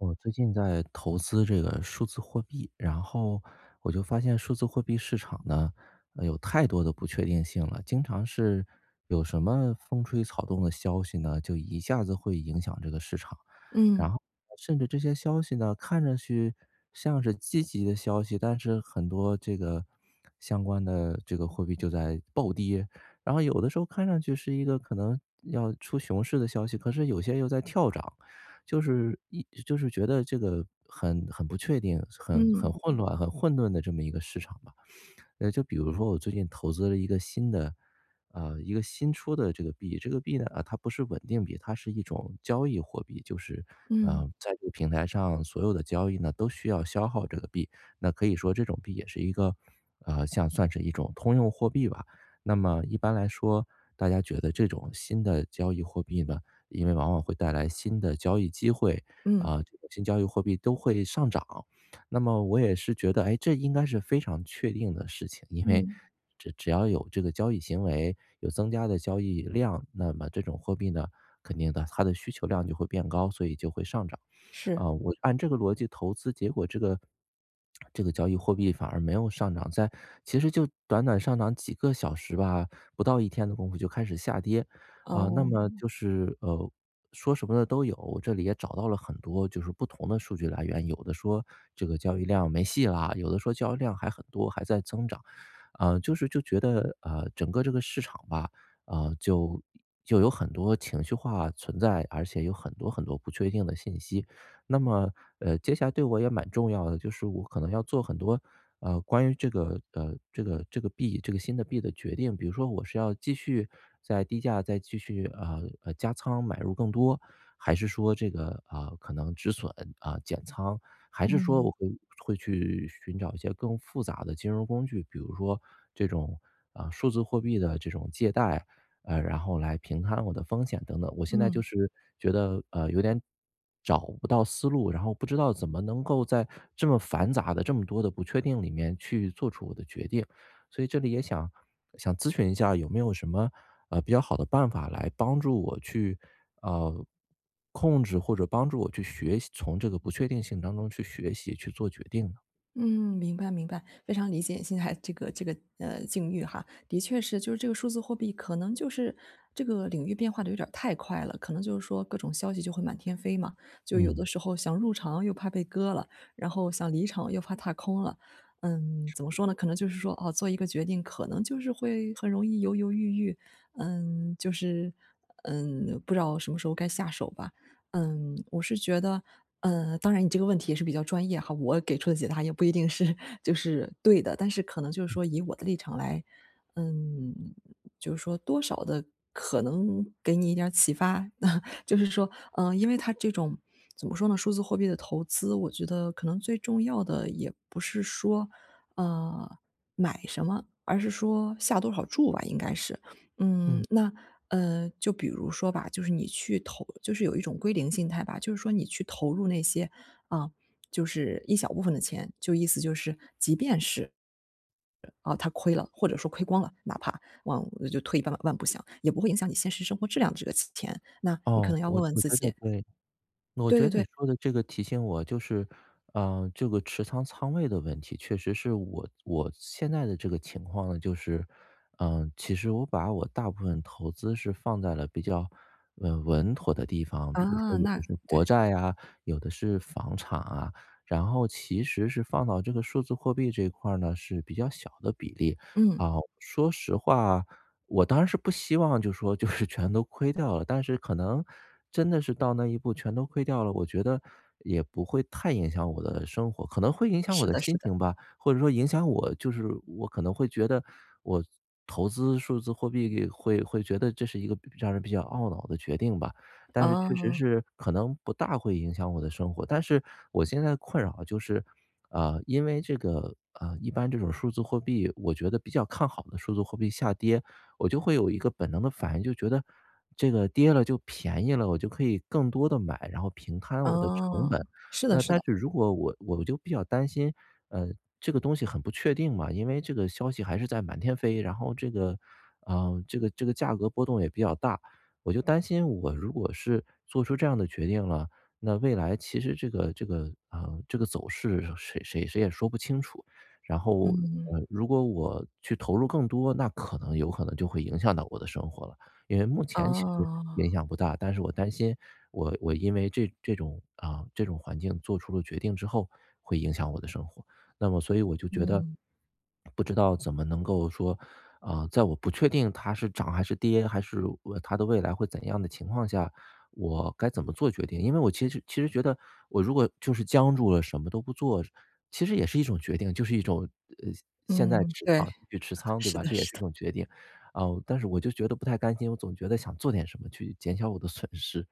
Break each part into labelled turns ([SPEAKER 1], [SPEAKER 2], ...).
[SPEAKER 1] 我最近在投资这个数字货币，然后我就发现数字货币市场呢，呃，有太多的不确定性了，经常是有什么风吹草动的消息呢，就一下子会影响这个市场，然
[SPEAKER 2] 嗯。
[SPEAKER 1] 后甚至这些消息呢，看上去像是积极的消息，但是很多这个相关的这个货币就在暴跌，然后有的时候看上去是一个可能要出熊市的消息，可是有些又在跳涨。就是一就是觉得这个很很不确定，很很
[SPEAKER 2] 嗯。
[SPEAKER 1] 混乱、很混沌的这么一个市场吧。呃，就比如说我最近投资了一个新的呃，一个新出的这个币，这个币呢，啊，它不是稳定币，它是一种交易货币，就是，
[SPEAKER 2] 嗯。
[SPEAKER 1] 呃，在这个平台上所有的交易呢都需要消耗这个币，那可以说这种币也是一个，呃，像算是一种通用货币吧，那么一般来说，大家觉得这种新的交易货币呢，因为往往会带来新的交易机会，
[SPEAKER 2] 嗯。
[SPEAKER 1] 啊，这个新交易货币都会上涨，那么我也是觉得，诶，这应该是非常确定的事情，因为
[SPEAKER 2] 嗯。
[SPEAKER 1] 只只要有这个交易行为，有增加的交易量，那么这种货币呢，肯定的它的需求量就会变高，所以就会上涨。
[SPEAKER 2] 是。
[SPEAKER 1] 啊，我按这个逻辑投资结果这个这个交易货币反而没有上涨，在其实就短短上涨几个小时吧，不到一天的功夫就开始下跌，啊，那么
[SPEAKER 2] 哦。
[SPEAKER 1] 就是，呃，说什么的都有，这里也找到了很多就是不同的数据来源，有的说这个交易量没戏啦，有的说交易量还很多，还在增长。呃，就是就觉得，呃，整个这个市场吧，啊，就就有很多情绪化存在，而且有很多很多不确定的信息，那么，呃，接下来对我也蛮重要的，就是我可能要做很多，呃，关于这个呃，这个这个币，这个新的币的决定，比如说我是要继续在低价再继续，呃呃，加仓买入更多，还是说这个，啊，可能止损，啊，减仓，还是说
[SPEAKER 2] 嗯。
[SPEAKER 1] 我会去寻找一些更复杂的金融工具，比如说这种，嗯，数字货币的这种借贷，呃，然后来平摊我的风险等等。我现在就
[SPEAKER 2] 嗯。
[SPEAKER 1] 是觉得，呃，有点找不到思路，然后不知道怎么能够在这么繁杂的，这么多的不确定里面去做出我的决定。所以这里也想想咨询一下有没有什么，呃，比较好的办法来帮助我去，呃，控制或者帮助我去学习从这个不确定性当中去学习，去做决定呢？
[SPEAKER 2] 嗯，明白，明白，非常理解你现在 这个这个，呃，境遇哈，的确是就是这个数字货币可能就是这个领域变化地有点儿太快了，可能就是说各种消息就会满天飞嘛，就有的
[SPEAKER 1] 嗯。
[SPEAKER 2] 时候想入场又怕被割了，然后想离场又怕踏空了。嗯，
[SPEAKER 1] 是
[SPEAKER 2] 怎么
[SPEAKER 1] 的。
[SPEAKER 2] 说呢，可能就是说，哦，做一个决定可能就是会很容易犹犹豫豫，嗯，就是，嗯，不知道什么时候该下手吧。嗯，我是觉得，嗯，当然你这个问题也是比较专业哈，我给出的解答也不一定是就是对的，但是可能就是
[SPEAKER 1] 嗯。
[SPEAKER 2] 说以我的立场来嗯，就是说多少地可能给你一点儿启发？就是说，嗯，因为它这种怎么说呢，数字货币的投资，我觉得可能最重要的也不是说，呃，买什么，而是说下多少注吧应该是，嗯。
[SPEAKER 1] 嗯。
[SPEAKER 2] 那，呃，就比如说吧，就是你去投就是有一种归零心态吧，就是说你去投入那些，啊，就是一小部分的钱，就意思就是即便是呃，啊，它亏了，或者说亏光了，哪怕往就退一万步想，也不会影响你现实生活质量的这个钱，那你可
[SPEAKER 1] 哦，
[SPEAKER 2] 能要问
[SPEAKER 1] 我
[SPEAKER 2] 问
[SPEAKER 1] 我
[SPEAKER 2] 自
[SPEAKER 1] 觉得
[SPEAKER 2] 己。
[SPEAKER 1] 对，我
[SPEAKER 2] 对
[SPEAKER 1] 觉
[SPEAKER 2] 对
[SPEAKER 1] 得你
[SPEAKER 2] 对。
[SPEAKER 1] 说的这个提醒我就是，呃，这个持仓仓位的问题，确实是我我现在的这个情况呢，就是，呃，其实我把我大部分投资是放在了比较稳稳妥的地方，比如说
[SPEAKER 2] 啊，
[SPEAKER 1] 有
[SPEAKER 2] 那
[SPEAKER 1] 的是国
[SPEAKER 2] 对。
[SPEAKER 1] 债呀，有的是房产啊，然后其实是放到这个数字货币这一块儿呢是比较小的比例。啊，
[SPEAKER 2] 嗯。
[SPEAKER 1] 说实话，我当然是不希望就是说就是全都亏掉了，但是可能，真的是到那一步全都亏掉了，我觉得也不会太影响我的生活，可能会影响我
[SPEAKER 2] 是
[SPEAKER 1] 的
[SPEAKER 2] 的是
[SPEAKER 1] 心
[SPEAKER 2] 的。
[SPEAKER 1] 情吧，或者说影响我，就是我可能会觉得我投资数字货币会会觉得这是一个比让人比较懊恼的决定吧，但是确实
[SPEAKER 2] 哦。
[SPEAKER 1] 是可能不大会影响我的生活。但是我现在困扰就是，呃，因为这个，呃，一般这种数字货币我觉得比较看好的数字货币下跌，我就会有一个本能的反应就觉得这个跌了就便宜了，我就可以更多地买，然后平摊我的成本。
[SPEAKER 2] 嗯，是的
[SPEAKER 1] 那
[SPEAKER 2] 是
[SPEAKER 1] 但
[SPEAKER 2] 的。
[SPEAKER 1] 是如果我我就比较担心，呃，这个东西很不确定嘛，因为这个消息还是在满天飞，然后这个，啊，这个这个价格波动也比较大，我就担心我如果是做出这样的决定了，那未来其实这个这个，呃，这个走势谁谁谁也说不清楚，然后，
[SPEAKER 2] 嗯。
[SPEAKER 1] 呃，如果我去投入更多，那可能有可能就会影响到我的生活了。因为目前其实影
[SPEAKER 2] 哦。
[SPEAKER 1] 响不大，但是我担心我我因为这这种啊，这种环境做出了决定之后，会影响我的生活。那么所以我就觉得
[SPEAKER 2] 嗯。
[SPEAKER 1] 不知道怎么能够说，呃，在我不确定它是涨还是跌，还是它的未来会怎样的情况下，我该怎么做决定？因为我其实其实觉得我如果就是僵住了什么都不做，其实也是一种决定，就是一种，呃，现在
[SPEAKER 2] 嗯，对，
[SPEAKER 1] 仓持继续 仓对
[SPEAKER 2] 是
[SPEAKER 1] 吧，
[SPEAKER 2] 的
[SPEAKER 1] 这也
[SPEAKER 2] 是
[SPEAKER 1] 是一
[SPEAKER 2] 的。
[SPEAKER 1] 种决定。啊，但是我就觉得不太甘心，我总觉得想做点什么去减小 我的损失。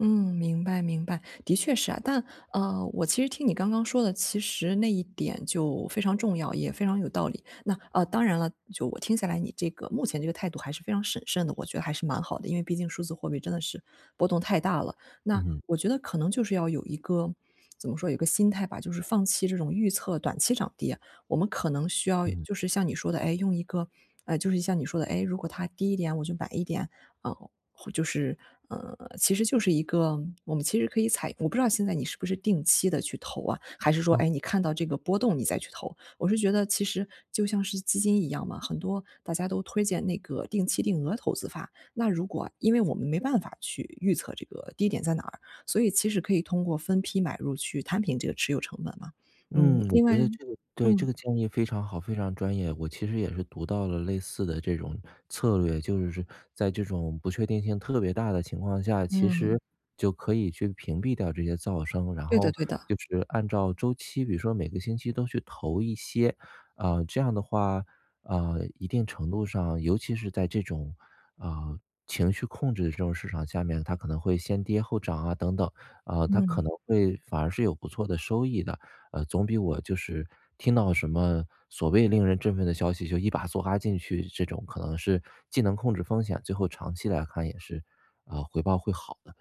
[SPEAKER 2] 嗯，明白明白。的确是啊，但呃，我其实听你刚刚说的，其实那一点就非常重要，也非常有道理。那呃，当然了，就我听下来你这个目前这个态度还是非常审慎的，我觉得还是蛮好的，因为毕竟数字货币真的是波动太大了。那
[SPEAKER 1] 嗯。
[SPEAKER 2] 我觉得可能就是要有一个怎么说有一个心态吧，就是放弃这种预测短期涨跌，我们可能需要
[SPEAKER 1] 嗯。
[SPEAKER 2] 就是像你说的，诶，用一个，呃，就是像你说的，诶，如果它低一点我就买一点，呃，或就是呃，其实就是一个我们其实可以采用我不知道现在你是不是定期地去投啊，还是说，哎，你
[SPEAKER 1] 嗯。
[SPEAKER 2] 看到这个波动你再去投。我是觉得其实就像是基金一样嘛，很多大家都推荐那个定期定额投资法，那如果因为我们没办法去预测这个低点在哪儿，所以其实可以通过分批买入去摊平这个持有成本嘛，嗯，
[SPEAKER 1] 嗯，我
[SPEAKER 2] 另外
[SPEAKER 1] 觉得这个对，这个
[SPEAKER 2] 嗯。
[SPEAKER 1] 建议非常好，非常专业。我其实也是读到了类似的这种策略，就是在这种不确定性特别大的情况下，其
[SPEAKER 2] 嗯。
[SPEAKER 1] 实就可以去屏蔽掉这些噪声，然
[SPEAKER 2] 对的
[SPEAKER 1] 后
[SPEAKER 2] 对的。
[SPEAKER 1] 就是按照周期，比如说每个星期都去投一些。呃，这样的话，呃，一定程度上，尤其是在这种，啊，情绪控制这种市场下面，它可能会先跌后涨啊，等等，啊，它可
[SPEAKER 2] 嗯。
[SPEAKER 1] 能会反而是有不错的收益的，呃，总比我就是听到什么所谓令人振奋的消息，就一把梭哈进去这种，可能是既能控制风险，最后长期来看也是，呃，回报会好的。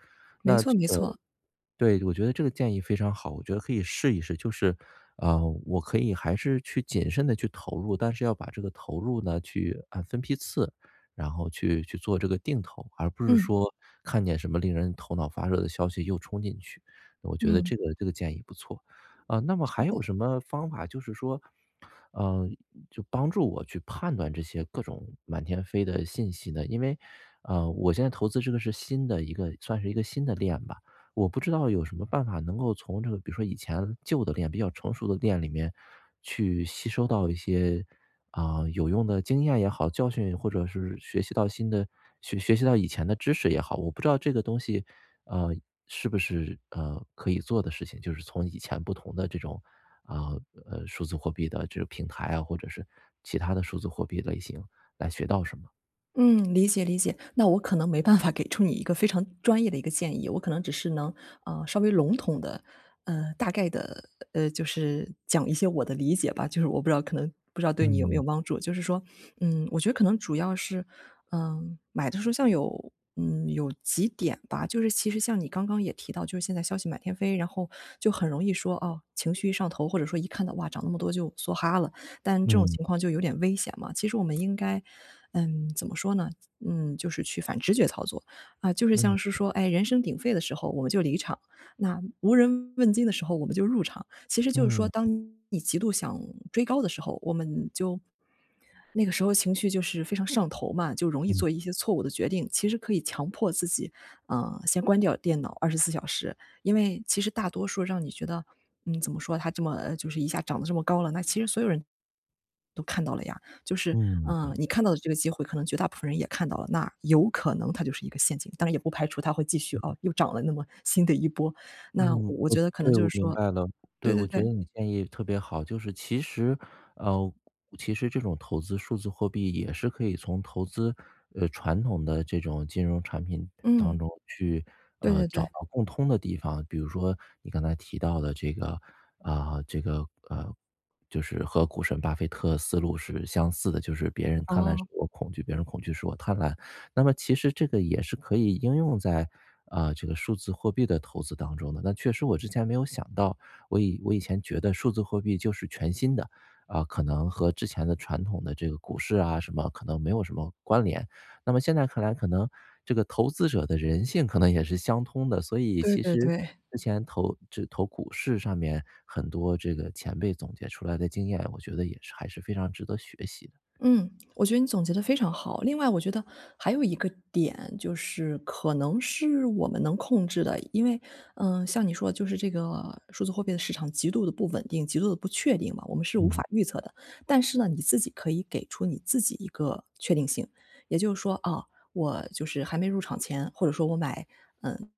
[SPEAKER 2] 没
[SPEAKER 1] 那
[SPEAKER 2] 错
[SPEAKER 1] 这
[SPEAKER 2] 没
[SPEAKER 1] 个
[SPEAKER 2] 错。
[SPEAKER 1] 对，我觉得这个建议非常好，我觉得可以试一试，就是，呃，我可以还是去谨慎地去投入，但是要把这个投入呢去按分批次，然后去去做这个定投，而不是
[SPEAKER 2] 嗯。
[SPEAKER 1] 说看见什么令人头脑发热的消息又冲进去，我觉得
[SPEAKER 2] 嗯。
[SPEAKER 1] 这个这个建议不错。呃，那么
[SPEAKER 2] 是
[SPEAKER 1] 还有
[SPEAKER 2] 的。
[SPEAKER 1] 什么方法就是说呃，就帮助我去判断这些各种满天飞的信息呢？因为，呃，我现在投资这个是新的一个算是一个新的链吧，我不知道有什么办法能够从这个比如说以前旧的链，比较成熟的链里面去吸收到一些，呃，有用的经验也好，教训或者是学习到新的，学学习到以前的知识也好，我不知道这个东西，呃，是不是，呃，可以做的事情，就是从以前不同的这种，啊，呃，数字货币的这个平台啊，或者是其它的数字货币类型来学到什么。
[SPEAKER 2] 嗯，理解理解。那我可能没办法给出你一个非常专业的一个建议。我可能只是能，呃，稍微笼统地，呃，大概地呃，就是讲一些我的理解吧，就是我不知道可能不知道对你有没有
[SPEAKER 1] 嗯。
[SPEAKER 2] 帮助。就是说，嗯，我觉得可能主要是呃，买的时候像有嗯，有几点吧。就是其实像你刚刚也提到，就是现在消息满天飞，然后就很容易说，哦，情绪一上头或者说一看到，哇，涨那么多就梭哈了。但这种
[SPEAKER 1] 嗯。
[SPEAKER 2] 情况就有点危险嘛，其实我们应该嗯，怎么说呢怎嗯，就是去反直觉操作。啊，就是像
[SPEAKER 1] 嗯。
[SPEAKER 2] 是说，哎，人声鼎沸的时候我们就离场，那无人问津的时候我们就入场。其实就是说，
[SPEAKER 1] 嗯。
[SPEAKER 2] 当你极度想追高的时候，我们就那个时候情绪就是非常上头嘛，就容易
[SPEAKER 1] 嗯。
[SPEAKER 2] 做一些错误的决定。其实可以强迫自己，啊，先关掉电脑24小时。因为其实大多数让你觉得嗯，怎么说它这么呃，就是一下涨得这么高了，那其实所有人，都看到了呀。就是，
[SPEAKER 1] 嗯，
[SPEAKER 2] 啊，
[SPEAKER 1] 嗯。
[SPEAKER 2] 你看到的这个机会，可能绝大部分人也看到了。那有可能它就是一个陷阱。当然也不排除它会继续
[SPEAKER 1] 嗯。
[SPEAKER 2] 哦，又涨了那么新的一波。那我
[SPEAKER 1] 嗯，
[SPEAKER 2] 我
[SPEAKER 1] 我
[SPEAKER 2] 觉得可能
[SPEAKER 1] 对，
[SPEAKER 2] 就
[SPEAKER 1] 我
[SPEAKER 2] 是
[SPEAKER 1] 明
[SPEAKER 2] 说
[SPEAKER 1] 白了。对，
[SPEAKER 2] 对对
[SPEAKER 1] 我觉
[SPEAKER 2] 对。
[SPEAKER 1] 得你建议特别好。就是其实呃，其实这种投资数字货币也是可以从投资呃，传统的这种金融产品的当
[SPEAKER 2] 嗯。
[SPEAKER 1] 中去，
[SPEAKER 2] 对
[SPEAKER 1] 呃，
[SPEAKER 2] 对
[SPEAKER 1] 找
[SPEAKER 2] 对。
[SPEAKER 1] 到共通的地方。比如说，你刚才提到的这个啊，这个呃，就是和股神巴菲特思路是相似的，就是别人贪婪时
[SPEAKER 2] 哦。
[SPEAKER 1] 我恐惧，别人恐惧时我贪婪。那么其实这个也是可以应用在，呃，这个数字货币的投资当中的。那确实我之前没有想到。我以我以前觉得数字货币就是全新的，啊，可能和之前的传统的这个股市啊什么，可能没有什么关联。那么现在看来可能这个投资者的人性可能也是相通的，所以
[SPEAKER 2] 对
[SPEAKER 1] 其
[SPEAKER 2] 对
[SPEAKER 1] 实
[SPEAKER 2] 对。
[SPEAKER 1] 之前投就投股市上面，很多这个前辈总结出来的经验，我觉得也是还是非常值得学习的。
[SPEAKER 2] 嗯，我觉得你总结得非常好。另外我觉得还有一个点就是可能是我们能控制的。因为呃，像你说的，就是这个数字货币的市场极度地不稳定、极度地不确定嘛，我们是无
[SPEAKER 1] 嗯。
[SPEAKER 2] 法预测的。但是呢，你自己可以给出你自己一个确定性，也就是说：“啊，我就是还没入场前，或者说我买嗯，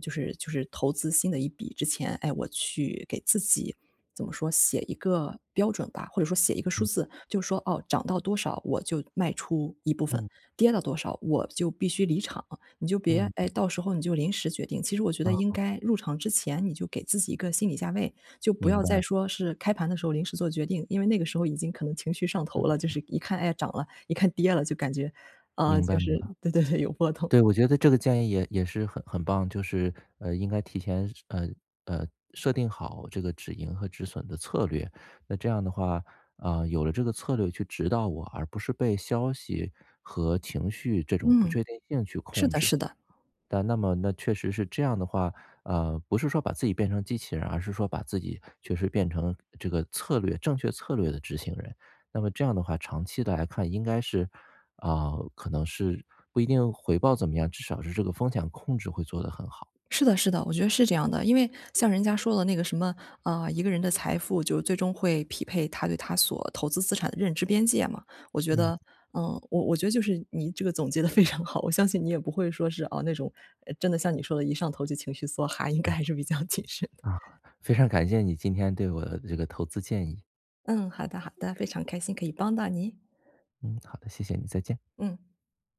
[SPEAKER 2] 就是就是投资新的一笔之前，哎，我去给自己怎么说写一个标准吧，或者说写一个数
[SPEAKER 1] 嗯。
[SPEAKER 2] 字，就说，哦，涨到多少我就卖出一部分，
[SPEAKER 1] 嗯。
[SPEAKER 2] 跌到多少我就必须离场。“你就别
[SPEAKER 1] 嗯。
[SPEAKER 2] 哎，到时候你就临时决定，其实我觉得应
[SPEAKER 1] 嗯。
[SPEAKER 2] 该入场之前你就给自己一个心理价位，就不
[SPEAKER 1] 明
[SPEAKER 2] 要再
[SPEAKER 1] 白。
[SPEAKER 2] 说是开盘的时候临时做决定。因为那个时候已经可能情绪上头了，就
[SPEAKER 1] 嗯。
[SPEAKER 2] 是一看，“哎，涨了”，一看“跌了”，就感觉啊，
[SPEAKER 1] 明
[SPEAKER 2] 就
[SPEAKER 1] 白明
[SPEAKER 2] 是
[SPEAKER 1] 白。
[SPEAKER 2] 对对对，有波动。
[SPEAKER 1] 对，我觉得这个建议也也是很很棒。就是呃，应该提前设呃，呃，设定好这个止盈和止损的策略。那这样的话，呃，有了这个策略去指导我，而不是被消息和情绪这种不
[SPEAKER 2] 嗯，
[SPEAKER 1] 确定性去
[SPEAKER 2] 是
[SPEAKER 1] 控
[SPEAKER 2] 的
[SPEAKER 1] 制。
[SPEAKER 2] 是的。
[SPEAKER 1] 但那么那确实是这样的话呃，不是说把自己变成机器人，而是说把自己确实变成个这个策略正确策略的执行人。那么这样的话长期地来看应该是啊，可能是不一定回报怎么样，至少是这个风险控制会做得很好。
[SPEAKER 2] 是的是的，我觉得是这样的。因为像人家说的那个什么呃，一个人的财富就最终会匹配他对他所投资资产的认知边界嘛。我觉
[SPEAKER 1] 嗯。
[SPEAKER 2] 得嗯，我我觉得就是你这个总结得非常好，我相信你也不会说，是啊，那种呃，真的像你说的，一上头就情绪梭哈，应该还是比较谨慎的。
[SPEAKER 1] 啊，非常感谢你今天对我的这个投资建议。
[SPEAKER 2] 嗯，好的好的，非常开心可以帮到您。
[SPEAKER 1] 嗯，好的，谢谢你，再见。
[SPEAKER 2] 嗯。